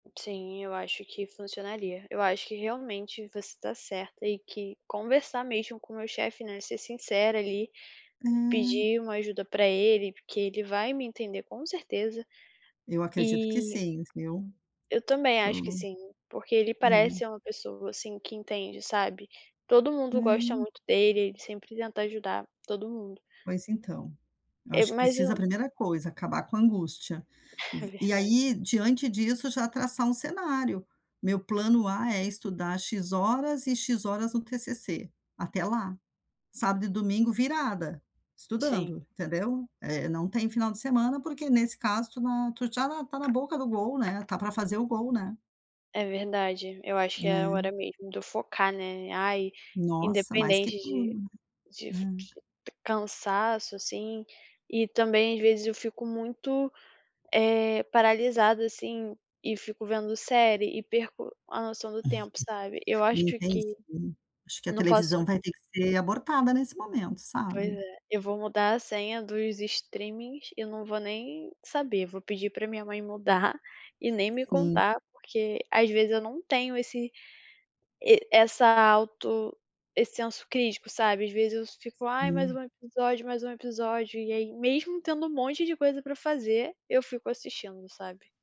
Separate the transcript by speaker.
Speaker 1: Sim, eu acho que funcionaria. Eu acho que realmente você está certa e que conversar mesmo com meu chefe, né, ser sincera ali,
Speaker 2: Hum.
Speaker 1: pedir uma ajuda para ele, porque ele vai me entender, com certeza,
Speaker 2: Eu acredito que
Speaker 1: e
Speaker 2: sim, viu.
Speaker 1: Eu também acho que
Speaker 2: Tô
Speaker 1: sim, porque ele
Speaker 2: é.
Speaker 1: parece uma pessoa, assim, que entende, sabe, todo mundo gosta
Speaker 2: Hum.
Speaker 1: muito dele, ele sempre tenta ajudar todo mundo.
Speaker 2: Mas, então, eu
Speaker 1: É,
Speaker 2: acho que
Speaker 1: mas
Speaker 2: precisa a
Speaker 1: o
Speaker 2: primeira coisa, acabar com a angústia.
Speaker 1: É
Speaker 2: Vo e
Speaker 1: verdade.
Speaker 2: aí, diante disso já traçar um cenário, meu plano A, é estudar X horas e X horas no TCC, até lá. Sábado e domingo virada,
Speaker 1: Sim.
Speaker 2: estudando, entendeu? É, não tem final de semana, porque nesse caso tu não tu já na está na boca do gol, né, está para fazer o gol, né.
Speaker 1: É verdade, eu acho que é a hora
Speaker 2: É.
Speaker 1: mesmo de eu focar, né. Ai,
Speaker 2: Nossa, mais que
Speaker 1: independente de
Speaker 2: tudo,
Speaker 1: de fi
Speaker 2: né.
Speaker 1: [unintelligible] cansaço, assim, e também, às vezes, eu fico muito, eh, paralisada, assim, e fico vendo série e perco a noção do tempo, sabe, eu acho
Speaker 2: Entendi.
Speaker 1: que
Speaker 2: Acho que a
Speaker 1: não posso
Speaker 2: televisão vai ter que ser abortada nesse momento,
Speaker 1: Pois
Speaker 2: sabe.
Speaker 1: é, eu vou mudar a senha dos streamings e não vou nem saber, vou pedir para minha mãe mudar e nem me
Speaker 2: Sim.
Speaker 1: contar. Porque, às vezes, eu não tenho esse e essa auto esse senso crítico, sabe, às vezes, eu fico: "Ai, mais
Speaker 2: Sim.
Speaker 1: um episódio, mais um episódio", e aí mesmo tendo um monte de coisa para fazer, eu fico assistindo, sabe.